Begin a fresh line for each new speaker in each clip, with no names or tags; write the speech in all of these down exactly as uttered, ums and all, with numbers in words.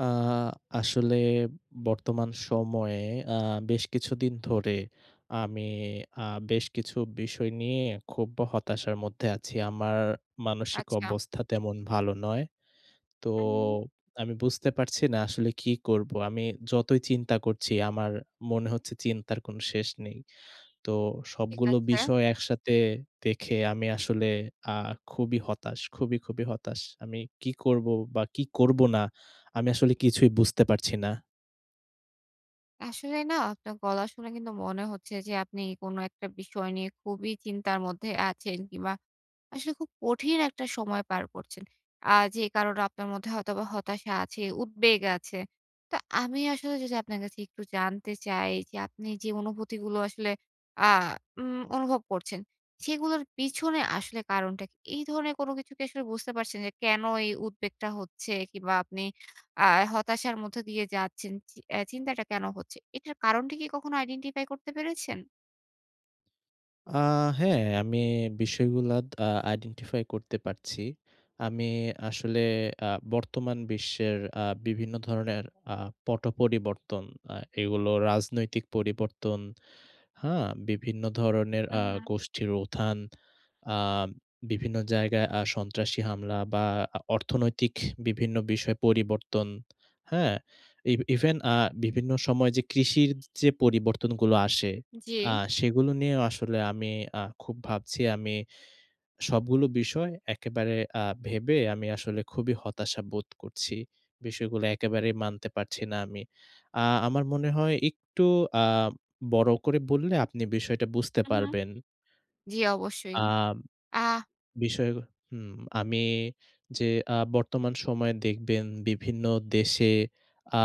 আ আসলে বর্তমান সময়ে আ বেশ কিছুদিন ধরে আমি আ বেশ কিছু বিষয় নিয়ে খুব্ব হতাশার মধ্যে আছি। আমার মানসিক
আচ্ছা।
অবস্থা তেমন ভালো নয়। তো
উম।
আমি বুঝতে পারছি না আসলে কি করব? আমি যতই চিন্তা করছি, আমার মনে হচ্ছে চিন্তার কোন শেষ নেই। তো
ঠিক
সবগুলো
আছে।
বিষয় একসাথে দেখে, আমি আসলে আ খুবই হতাশ, খুবই, খুবই হতাশ। আমি কী করব বা কি করব না। আমি আসলে কিছুই বুঝতে পারছি না।
আসলে না আপনার গলা শুনে কিন্তু মনে হচ্ছে যে, আপনি কোন একটা বিষয় নিয়ে খুবই চিন্তার মধ্যে আছেন কিংবা আসলে খুব কঠিন একটা সময় পার করছেন। আ যে কারনে আপনার মধ্যে হয়তোবা হতাশা আছে, উদ্বেগ আছে। তো আমি আসলে যদি আপনার কাছে একটু জানতে চাই, যে আপনি যে অনুভূতিগুলো আসলে আ উম অনুভব করছেন, সেগুলোর পিছনে আসলে কারনটা কি? এই ধরনের কোন কিছু কি আসলে বুঝতে পারছেন? যে কেন এই উদ্বেগটা হচ্ছে? কিংবা আপনি আ হতাশার মধ্যে দিয়ে যাচ্ছেন? চি অ্যা চিন্তাটা কেন হচ্ছে? এটার কারনটা কি কখনো identify করতে পেরেছেন?
আ হ্যাঁ, আমি বিষয়গুলা দ আ আইডেন্টিফাই করতে পারছি। আমি আসলে আ বর্তমান বিশ্বের আ বিভিন্ন ধরনের আ পট-পরিবর্তন, আ এগুলো রাজনৈতিক পরিবর্তন, হ্যাঁ? বিভিন্ন ধরনের আ
হুম, হুম।
গোষ্ঠীর উথান, আম বিভিন্ন জায়গায় আ সন্ত্রাসী হামলা বা আ অর্থনৈতিক বিভিন্ন বিষয়ে পরিবর্তন, হ্যাঁ? ইভ ইভেন আ বিভিন্ন সময় যে, কৃষির যে পরিবর্তনগুলো আসে, আ
জি।
সেগুলো নিয়েও আসলে আমি আ খুব ভাবছি, আমি সবগুলো বিষয় একেবারে আ ভেবে আমি আসলে খুবই হতাশা বোধ করছি। বিষয়গুলা একেবারেই মানতে পারছি না আমি। আ আমার মনে হয় একটু আ বড় করে বললে, আপনি বিষয়টা বুঝতে
হুম, হুম।
পারবেন।
জি,
আ
অবশ্যই। আহ
বিষয় হুম, আমি যে আ বর্তমান সময়ে দেখবেন বিভিন্ন দেশে আ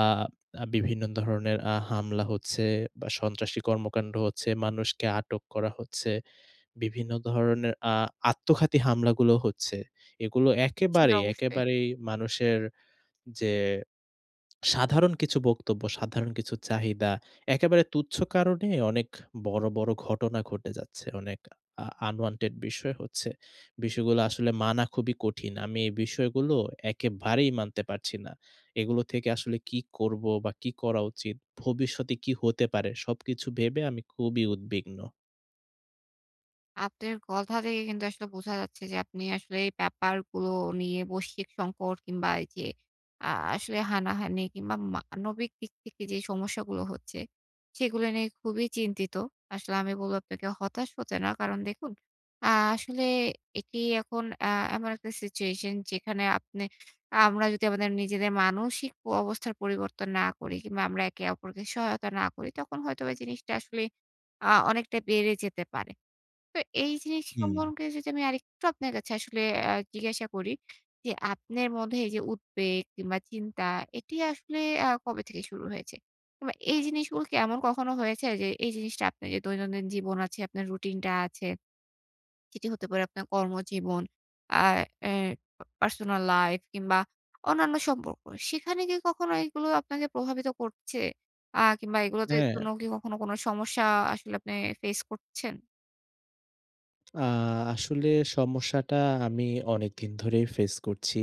বিভিন্ন ধরনের আ হামলা হচ্ছে বা সন্ত্রাসী কর্মকাণ্ড হচ্ছে, মানুষকে আটক করা হচ্ছে। বিভিন্ন ধরনের আ আত্মঘাতী হামলাগুলো হচ্ছে। এগুলো
জি,
একেবারেই,
অবশ্যই।
একেবারেই মানুষের যে, সাধারণ কিছু বক্তব্য, সাধারণ কিছু চাহিদা। একেবারে তুচ্ছ কারণে অনেক বড়, বড় ঘটনা ঘটে যাচ্ছে। অনেক আ unwanted বিষয় হচ্ছে। বিষয়গুলো আসলে মানা খুবই কঠিন। আমি এই বিষয়গুলো একেবারেই মানতে পারছি না। এগুলো থেকে আসলে কি করব বা কি করা উচিত, ভবিষ্যতে কি হতে পারে? সবকিছু ভেবে আমি খুবই উদ্বিগ্ন।
আপনের কথা থেকে কিন্তু আসলে বোঝা যাচ্ছে যে, আপনি আসলে এই ব্যাপারগুলো নিয়ে, বৈশ্বিক সংকট কিংবা এই যে আ আসলে হানাহানি কিংবা মানবিক দিক থেকে যে সমস্যাগুলো হচ্ছে, সেগুলো নিয়ে খুবই চিন্তিত। আসলে আমি বলবো আপনাকে হতাশ হতে না। কারণ দেখুন আ আসলে এটি এখন আ এমন একটা সিচুয়েশন, যেখানে আপনে আ আমরা যদি আমাদের নিজেদের মানসিক প অবস্থার পরিবর্তন না করি কিংবা আমরা একে অপরকে সহায়তা না করি, তখন হয়তোবা জিনিসটা আসলে আ অনেকটা বেড়ে যেতে পারে। তো এই জিনিস
হুম।
সম্পর্কে যদি আমি আরেকটু আপনার কাছে আসলে অ্যা জিজ্ঞাসা করি যে, আপনের মধ্যে এই যে উদ্বেগ কিংবা চিন্তা, এটি আসলে আ কবে থেকে শুরু হয়েছে? বা এই জিনিসগুলো কি এমন কখনো হয়েছে যে, এই জিনিসটা আপনের যে দৈনন্দিন জীবন আছে, আপনার রুটিনটা আছে, যেটি হতে পারে আপনার কর্মজীবন, আ অ্যা প পার্সোনাল লাইফ কিংবা অন্যান্য সম্পর্ক। সেখানে কি কখনো এগুলো আপনাকে প্রভাবিত করছে? আ কিংবা এগুলো তে
হ্যাঁ।
জন্য কি কখনো কোনো সমস্যা আসলে আপনে ফেস করছেন?
আ আসলে সমস্যাটা আমি অনেকদিন ধরেই ফেস করছি।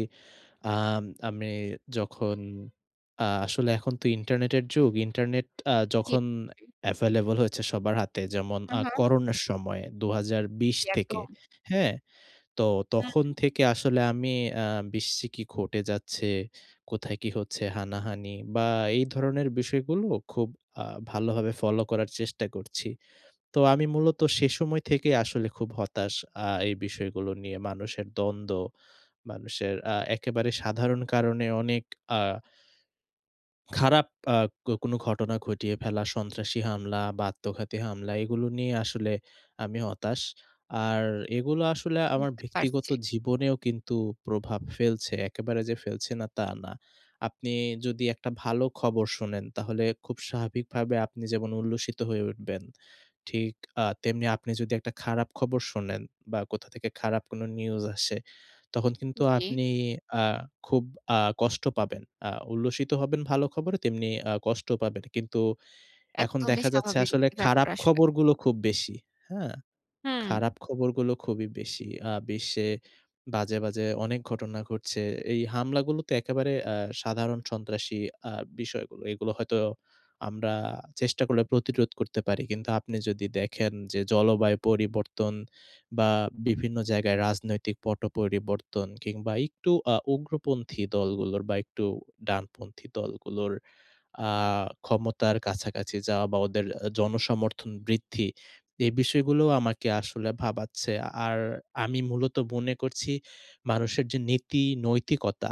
আম আমি যখন আ আসলে এখন তো ইন্টারনেটের যুগ, ইন্টারনেট আ
জি।
যখন available হয়েছে সবার হাতে যেমন,
হু,
আ
হু।
করোনার সময় দুহাজার বিশ
জি
থেকে।
একদম।
হ্যাঁ? তো তখন
হু।
থেকে আসলে আমি আ বিশ্বে কি ঘটে যাচ্ছে, কোথায় কি হচ্ছে, হানাহানি বা এই ধরনের বিষয়গুলো খুব আ ভালোভাবে ফলো করার চেষ্টা করছি। তো আমি মূলত সেই সময় থেকেই আসলে খুব হতাশ আ এই বিষয়গুলো নিয়ে। মানুষের দ্বন্দ্ব, মানুষের অ্যা একেবারে সাধারণ কারণে অনেক আ খারাপ আ ক কোন ঘটনা ঘটিয়ে ফেলা, সন্ত্রাসী হামলা বা আত্মঘাতী হামলা, এগুলো নিয়ে আসলে আমি হতাশ। আর এগুলো আসলে আমার
বুঝতে
ব্যক্তিগত
পারছি।
জীবনেও কিন্তু প্রভাব ফেলছে। একেবারে যে ফেলছে না, তা না। আপনি যদি একটা ভালো খবর শোনেন, তাহলে খুব স্বাভাবিকভাবে আপনি যেমন উল্লসিত হয়ে উঠবেন। ঠিক আ তেমনি আপনি যদি একটা খারাপ খবর শোনেন বা কোথা থেকে খারাপ কোন নিউজ আসে, তখন কিন্তু
জি।
আপনি আ খুব আ কষ্ট পাবেন। আ উল্লসিত হবেন ভালো খবরে, তেমনি আ কষ্ট পাবেন। কিন্তু এখন
একদমই
দেখা যাচ্ছে
স্বাভাবিক
আসলে
একটি ব্যাপার
খারাপ
আসলে।
খবরগুলো খুব বেশি। হ্যাঁ?
হুম।
খারাপ খবরগুলো খুবই বেশি। আ বিশ্বে বাজে, বাজে অনেক ঘটনা ঘটছে। এই হামলাগুলো তো একেবারে অ্যা সাধারণ সন্ত্রাসী আ বিষয়গুলো। এগুলো হয়তো আমরা চেষ্টা করলে প্রতিরোধ করতে পারি। কিন্তু আপনি যদি দেখেন যে, জলবায়ু পরিবর্তন বা বিভিন্ন জায়গায় রাজনৈতিক পট পরিবর্তন কিংবা একটু আ উগ্রপন্থী দলগুলোর বা একটু ডানপন্থী দলগুলোর আ ক্ষমতার কাছাকাছি যাওয়া বা ওদের অ্যা জনসমর্থন বৃদ্ধি, এ বিষয়গুলো আমাকে আসলে ভাবাচ্ছে। আর আমি মূলত মনে করছি মানুষের যে নীতি, নৈতিকতা,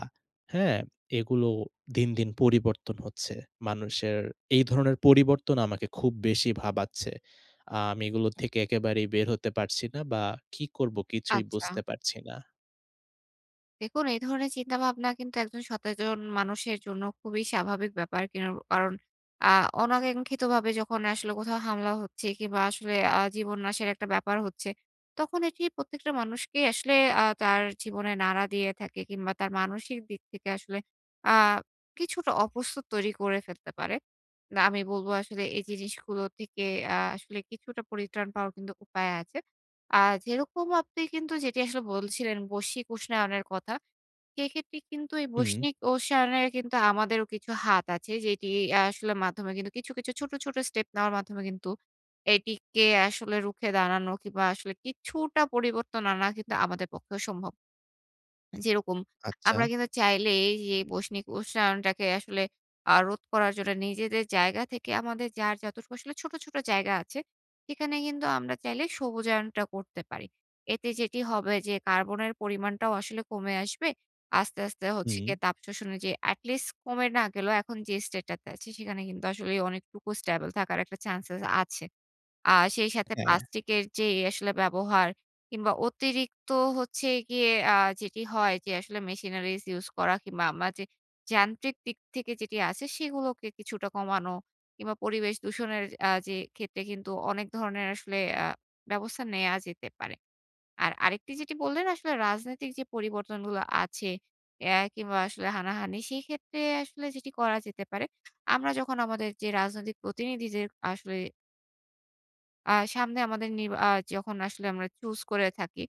হ্যাঁ? এগুলো দিনদিন পরিবর্তন হচ্ছে। মানুষের এই ধরনের পরিবর্তন আমাকে খুব বেশি ভাবাচ্ছে। আ আমি এগুলো থেকে একেবারেই বের হতে পারছি না বা কি করব কিছুই
আচ্ছা।
বুঝতে পারছি না।
দেখুন, এই ধরনের চিন্তাভাবনা কিন্তু একজন সতেজন মানুষের জন্য খুবই স্বাভাবিক ব্যাপার। কিরুন কারণ আ অনাকাঙ্ক্ষিতভাবে যখন আসলে কোথাও হামলা হচ্ছে কিংবা আসলে আ জীবন নাশের একটা ব্যাপার হচ্ছে, তখন এটি প্রত্যেকটা মানুষকেই আসলে আ তার জীবনে নাড়া দিয়ে থাকে কিংবা তার মানসিক দিক থেকে আসলে আ কিছুটা অপস্তুত তৈরি করে ফেলতে পারে। না, আমি বলবো আসলে এই যে জিনিসগুলো থেকে আ আসলে কিছুটা পরিত্রাণ পাওয়ার কিন্তু উপায় আছে। আ যেরকম আপনি কিন্তু যেটি আসলে বলছিলেন, বৈশ্বিক উষ্ণায়নের কথা, সেক্ষেত্রে কিন্তু এই
হুম।
বৈষ্ণিক উষ্ণায়নের কিন্তু আমাদেরও কিছু হাত আছে যেটি, আ আসলে মাধ্যমে কিন্তু কিছু, কিছু ছোট, ছোট স্টেপ নেওয়ার মাধ্যমে কিন্তু এটিকে আসলে রুখে দাঁড়ানো কিংবা আসলে কিছুটা পরিবর্তন আনা কিন্তু আমাদের পক্ষেও সম্ভব। যেরকম,
আচ্ছা।
আমরা কিন্তু চাইলেই এইযে বৈষ্ণিক উষ্ণায়নটাকে আসলে আ রোধ করার জন্য নিজেদের জায়গা থেকে আমাদের যার যতটুকু আসলে ছোট, ছোট জায়গা আছে, সেখানে কিন্তু আমরা চাইলে সবুজায়নটা করতে পারি। এতে যেটি হবে যে, কার্বনের পরিমাণটাও আসলে কমে আসবে। আস্তে, আস্তে হচ্ছে
হুম।
গিয়ে তাপ শোষণে যে এটি লিস্ট কমে না গেলেও এখন যে state টাতে আছি, সেখানে কিন্তু আসলেই অনেকটুকু stable থাকার একটা chances আছে। আ সেই সাথে
হ্যাঁ।
পাস্টিকের যেই আসলে ব্যবহার কিংবা অতিরিক্ত হচ্ছে গিয়ে আ যেটি হয় যে আসলে machineries use করা কিংবা আম্মা যে, যান্ত্রিক দিক থেকে যেটি আছে, সেগুলোকে কিছুটা কমানো কিংবা পরিবেশ দূষণের আ যে ক্ষেত্রে কিন্তু অনেক ধরনের আসলে আ ব্যবস্থা নেয়া যেতে পারে। আর আরেকটি যেটি বললেন, আসলে রাজনৈতিক যে পরিবর্তন গুলো আছে, অ্যা কিংবা আসলে হানাহানি, সেইক্ষেত্রে আসলে যেটি করা যেতে পারে, আমরা যখন আমাদের যে রাজনৈতিক প্রতিনিধিদের আসলে আ সামনে আমাদের নিরবা আ যখন আসলে আমরা চুজ করে থাকি।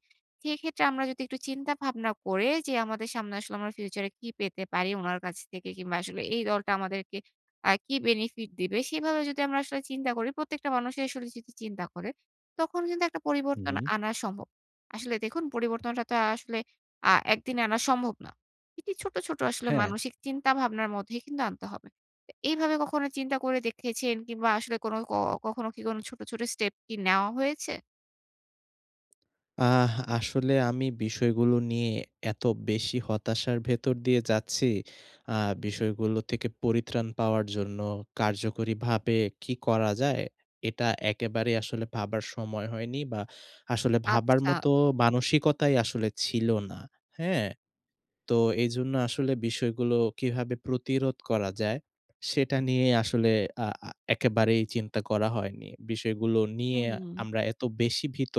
সেক্ষেত্রে আমরা যদি একটু চিন্তা ভাবনা করে যে, আমাদের সামনে আসলে আমরা ফিউচারে কি পেতে পারি উনার কাছ থেকে? কিংবা আসলে এই দলটা আমাদেরকে আ কি বেনিফিট দিবে? সেভাবে যদি আমরা আসলে চিন্তা করি, প্রত্যেকটা মানুষি আসলে যদি চিন্তা করে, তখন কিন্তু একটা পরিবর্তন
হুম।
আনা সম্ভব। আসলে দেখুন, পরিবর্তনটা তো আ আসলে আ একদিনে আনা সম্ভব না। এটি ছোট, ছোট আসলে
হ্যাঁ।
মানসিক চিন্তা ভাবনার মধ্যেই কিন্তু আনতে হবে। এ এইভাবে কখনো চিন্তা করে দেখেছেন? কিংবা আসলে কোনো ক কখনো কি কোন ছোট, ছোট স্টেপ কি নেওয়া হয়েছে?
আহ আসলে আমি বিষয়গুলো নিয়ে এত বেশি হতাশার ভেতর দিয়ে যাচ্ছি। আ বিষয়গুলো থেকে পরিত্রাণ পাওয়ার জন্য কার্যকরীভাবে কি করা যায়? এটা একেবারে আসলে ভাবার সময় হয়নি বা, আসলে ভাবার
আচ্ছা।
মতো মানসিকতাই আসলে ছিল না। হ্যাঁ? তো এজন্য আসলে বিষয়গুলো কিভাবে প্রতিরোধ করা যায়? সেটা নিয়ে আসলে আ আ একেবারেই চিন্তা করা হয়নি। বিষয়গুলো নিয়ে
হুম।
আমরা এত বেশি ভীত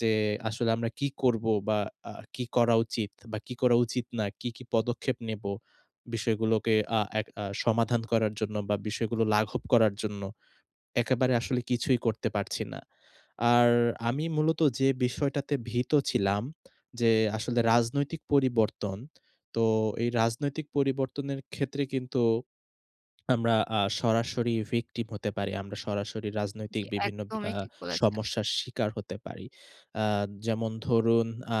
যে, আসলে আমরা কী করবো বা, আ কি করা উচিত বা, কি করা উচিত না, কি, কি পদক্ষেপ নেব বিষয়গুলোকে আ এক আ সমাধান করার জন্য বা, বিষয়গুলো লাঘব করার জন্য? একেবারে আসলে কিছুই করতে পারছি না। আর আমি মূলত যে বিষয়টাতে ভীত ছিলাম যে আসলে, রাজনৈতিক পরিবর্তন। তো এই রাজনৈতিক পরিবর্তনের ক্ষেত্রে কিন্তু আমরা আ সরাসরি ভিকটিম হতে পারি। আমরা সরাসরি রাজনৈতিক
জ্বী,
বিভিন্ন বি আ
একদমই ঠিক বলেছেন।
সমস্যার শিকার হতে পারি। আ যেমন ধরুন আ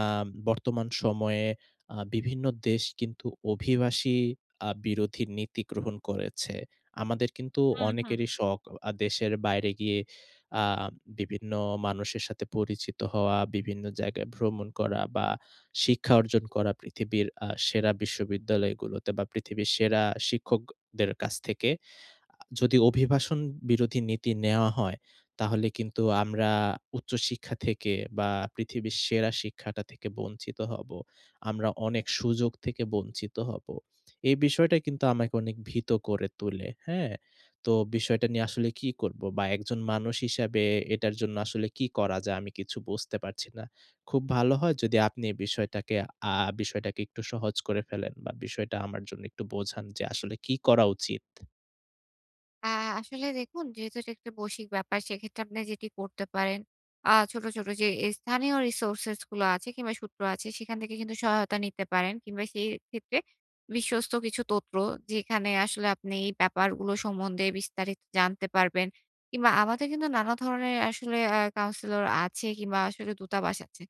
বর্তমান সময়ে আ বিভিন্ন দেশ কিন্তু অভিবাসী আ বিরোধী নীতি গ্রহণ করেছে। আমাদের কিন্তু
হুম, হুম।
অনেকেরি শখ অ আ দেশের বাইরে গিয়ে আ বিভিন্ন মানুষের সাথে পরিচিত হওয়া, বিভিন্ন জায়গায় ভ্রমণ করা বা, শিক্ষা অর্জন করা পৃথিবীর আ সেরা বিশ্ববিদ্যালয়গুলোতে বা, পৃথিবীর সেরা শিক্ষকদের অ কাছ থেকে। আ যদি অভিভাষণ বিরোধী নীতি নেওয়া হয়, তাহলে কিন্তু আমরা উচ্চশিক্ষা থেকে বা, পৃথিবীর সেরা শিক্ষাটা থেকে বঞ্চিত হবো। আমরা অনেক সুযোগ থেকে বঞ্চিত হবো। এই বিষয়টা কিন্তু আমাকে অনেক ভীত করে তুলে। হ্যাঁ? তো বিষয়টা নিয়ে আসলে কী করবো? বা একজন মানুষ হিসাবে এটার জন্য আসলে কি করা যায়? আমি কিছু বুঝতে পারছি না। খুব ভালো হয় যদি আপনি এই বিষয়টাকে আ বিষয়টাকে একটু সহজ করে ফেলেন বা, বিষয়টা আমার জন্য একটু বোঝান যে, আসলে কি করা উচিত?
আ আসলে দেখুন, যেহেতু এটা একটা বৈশ্বিক ব্যাপার সেক্ষেত্রে আপনি যেটি করতে পারেন, আ ছোট, ছোট যে স্থানীয় resources গুলো আছে কিংবা সূত্র আছে, সেখান থেকে কিন্তু সহায়তা নিতে পারেন। কিংবা সেই ক্ষেত্রে বিশ্বস্ত কিছু তথ্য, যেখানে আসলে আপনি এই ব্যাপারগুলো সম্বন্ধে বিস্তারিত জানতে পারবেন, কিংবা আমাদের কিন্তু নানা ধরনের আসলে অ্যা কাউন্সিলর আছে কিংবা আসলে দূতাবাস আছে।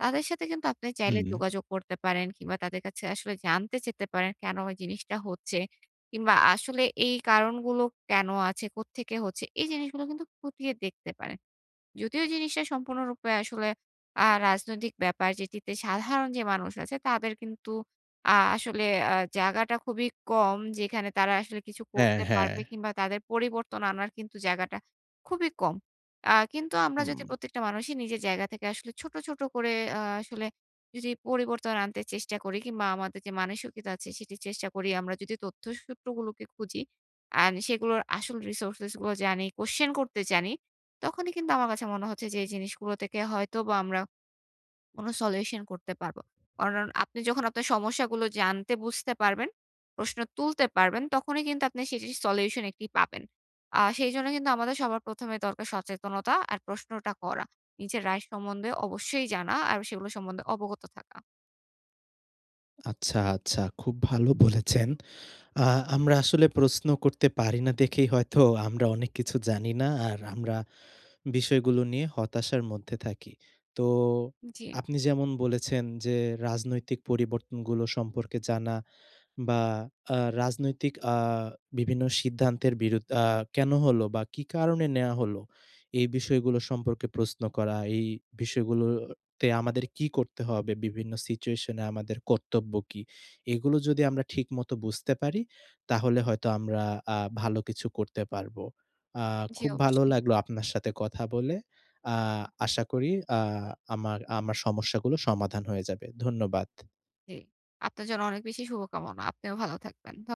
তাদের সাথে কিন্তু আপনি চাইলে
হুম।
যোগাযোগ করতে পারেন কিংবা তাদের কাছে আসলে জানতে চেতে পারেন, কেন ওই জিনিসটা হচ্ছে? কিংবা আসলে এই কারণগুলো কেন আছে? কোত্থেকে হচ্ছে? এই জিনিসগুলো কিন্তু খতিয়ে দেখতে পারেন। যদিও জিনিসটা সম্পূর্ণরূপে আসলে অ্যা রাজনৈতিক ব্যাপার যেটিতে সাধারণ যে মানুষ আছে তাদের কিন্তু আ আসলে অ্যা জায়গাটা খুবই কম, যেখানে তারা আসলে কিছু
হ্যাঁ,
করতে
হ্যাঁ।
পারবে কিংবা তাদের পরিবর্তন আনার কিন্তু জায়গাটা খুবই কম। অ্যা কিন্তু আমরা যদি
হুম।
প্রত্যেকটা মানুষই নিজের জায়গা থেকে আসলে ছোট, ছোট করে অ্যা আসলে যদি পরিবর্তন আনতে চেষ্টা করি কিংবা আমাদের যে মানসিকতা আছে সেটি চেষ্টা করি, আমরা যদি তথ্য সূত্রগুলোকে খুঁজি, আর সেগুলোর আসল resources গুলো জানি, question করতে জানি, তখনই কিন্তু আমার কাছে মনে হচ্ছে যে এই জিনিসগুলো থেকে হয়তো বা আমরা কোনো solution করতে পারব। কারণ আপনি যখন আপনার সমস্যাগুলো জানতে, বুঝতে পারবেন, প্রশ্ন তুলতে পারবেন, তখনই কিন্তু আপনি সেটির solution একটি পাবেন। আ সেইজন্য কিন্তু আমাদের সবার প্রথমে দরকার সচেতনতা আর প্রশ্নটা করা। নিজের right সম্বন্ধে অবশ্যই জানা, আর সেগুলো সম্বন্ধে অবগত থাকা।
আচ্ছা, আচ্ছা খুব ভালো বলেছেন। অ্যা আমরা আসলে প্রশ্ন করতে পারি না দেখেই হয়তো আমরা অনেক কিছু জানি না, আর আমরা বিষয়গুলো নিয়ে হতাশার মধ্যে থাকি। তো
জি।
আপনি যেমন বলেছেন যে রাজনৈতিক পরিবর্তনগুলো সম্পর্কে জানা, বা আ রাজনৈতিক আ বিভিন্ন সিদ্ধান্তের বিরুদ্ আ কেন হলো? বা কী কারণে নেয়া হলো? এই বিষয়গুলো সম্পর্কে প্রশ্ন করা। এই বিষয়গুলোতে আমাদের কী করতে হবে? বিভিন্ন সিচুয়েশন এ আমাদের কর্তব্য কী? এগুলো যদি আমরা ঠিকমত বুঝতে পারি তাহলে হয়তো আমরা আ ভালো কিছু করতে পারব। আ
জি,
খুব ভালো
অবশ্যই।
লাগলো আপনার সাথে কথা বলে। আ আশা করি আ আমার আমার সমস্যাগুলো সমাধান হয়ে যাবে। ধন্যবাদ।
জি। আপনার জন্য অনেক বেশি শুভকামনা। আপনিও ভালো থাকবেন। ধ